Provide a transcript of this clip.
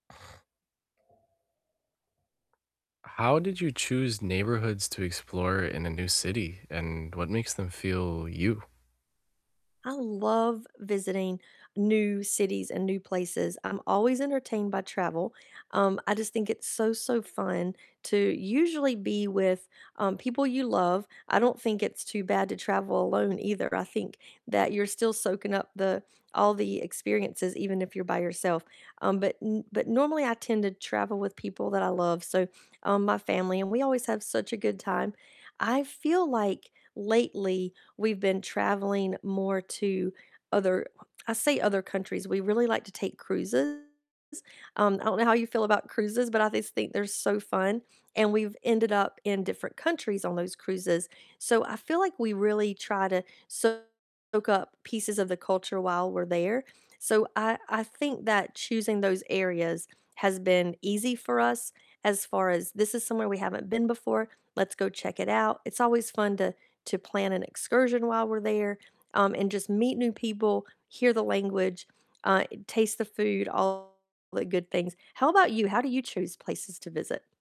How did you choose neighborhoods to explore in a new city and what makes them feel you? I love visiting new cities and new places, I'm always entertained by travel, um, I just think it's so, so fun to usually be with, um, people you love, I don't think it's too bad to travel alone, either, I think that you're still soaking up the all the experiences, even if you're by yourself, um, but n but normally, I tend to travel with people that I love, so, um, my family, and we always have such a good time, I feel like lately we've been traveling more to other I say other countries, we really like to take cruises, um, I don't know how you feel about cruises, but I just think they're so fun, and we've ended up in different countries on those cruises, so I feel like we really try to soak up pieces of the culture while we're there, so I I think that choosing those areas has been easy for us as far as, "This is somewhere we haven't been before, let's go check it out," it's always fun to to plan an excursion while we're there, um, and just meet new people, hear the language, uh, taste the food, all the good things. How about you? How do you choose places to visit?